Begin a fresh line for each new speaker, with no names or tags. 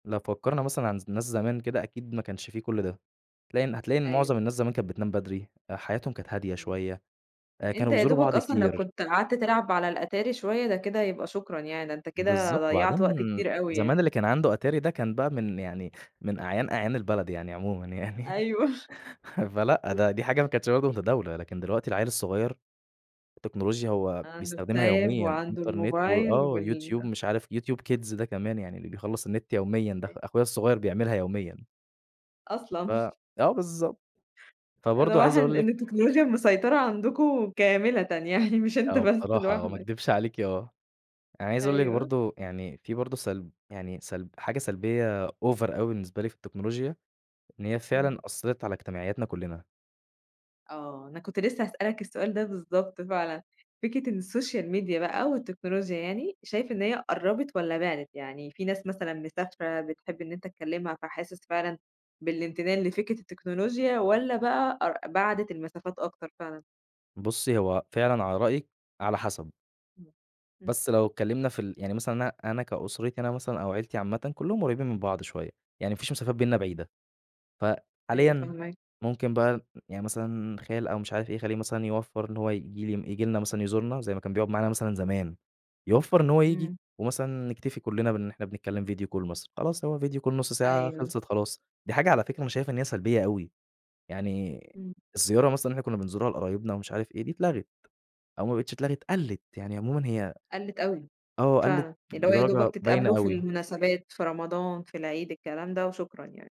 لو فكّرنا مثلًا عن ز ناس زمان كده أكيد ما كانش في كل ده، تلاقي إن حتلاقي إن
أيوه.
معظم الناس زمان كانت بتنام بدري، آآ حياتهم كانت هادية
إمم،
شوية، آآ
أنت
كانوا بيزوروا
يادوبك
بعض
أصلًا لو
كتير.
كنت قعدت تلعب على الأتاري شوية، ده كده يبقى شكرًا يعني، ده أنت كده
بالضبط،
ضيّعت وقت
وبعدين
كتير أوي يعني.
زمان اللي كان عنده اتاري ده كان بقى من يعني من أعيان، أعيان البلد يعني عمومًا يعني،
أيوه.
فلأ ده دي حاجة ما كانتش برضه متداولة، لكن دلوقتي العيّل الصغير التكنولوجيا هو
عندُه
بيستخدمها
الtab
يوميًا
وعندُه
Internet
الموبايل
وآه
وال
YouTube مش عارف YouTube Kids ده كمان يعني اللي بيخلّص النت يوميًا ده، أخ
أيوه.
أخويا الصغير بيعملها يوميًا.
أصلًا.
ف آه بالضبط،
ده
فبرضه عايز
واضح
أقول لِك
إن التكنولوجيا المسيطرة عندكم كاملةً يعني، مش أنت
آه،
بس
بصراحة آه، ما
لوحدك.
اكدبش عليكِ آه، أنا عايز أقول لِك
أيوه.
برضه يعني في برضه سلب يعني سلب حاجة سلبية Over أوي بالنسبة لي في التكنولوجيا، إن هي فعلًا
إمم.
أثّرت على اجتماعياتنا كلنا.
آه، أنا كنت لسه هاسألك السؤال ده بالضبط، فعلًا فكرة إن الSocial Media بقى أو التكنولوجيا يعني، شايف إن هي قرّبِت والَّا بعدت؟ يعني في ناس مثلًا مسافرة بتحب إن أنت تكلمها، فحاسس فعلًا بالامتنان لفكرة التكنولوجيا، والَّا بقى قر بَعَدت المسافات أكتر فعلًا؟
بُصّي، هو فعلًا على رأيِك على حسب.
إمم، إمم.
بس لو اتكلمنا في ال يعني مثلًا أنا أنا كأسرتي أنا مثلًا أو عيلتي عامةً، كلّهم قريبين من بعض شوية، يعني ما فيش مسافات بيننا
إمم.
بعيدة،
أيوه،
فحاليًا
فاهماك.
ممكن بقى يعني مثلًا خال أو مش عارف إيه، خالي مثلًا يوفّر إن هو ييجي لي ييجي لنا مثلًا يزورنا زي ما كان بيقعد معانا مثلًا زمان، يوفّر إن هو ييجي
إمم.
ومثلا نكتفي كلنا بإن إحنا بنتكلم Video Call مثلا، خلاص هو Video Call نُصّ ساعة
أيوه.
خلصت خلاص، دي حاجة على فكرة أنا شايف إن هي سلبية أوي، يعني
إمم.
الزيارة مثلًا اللي إحنا كنا بنزورها لقرايبنا ومش عارف إيه، دي اتلغت، أو ما بقِتش اتلغت قَلِّت يعني عمومًا هي
قَلِّت أوي
آه، قَلِّت
فعلًا، اللي هو يا
بدرجة
دوبك
باينة
تتقابلوا في
أوي.
المناسبات، في رمضان، في العيد، الكلام ده وشكرًا يعني.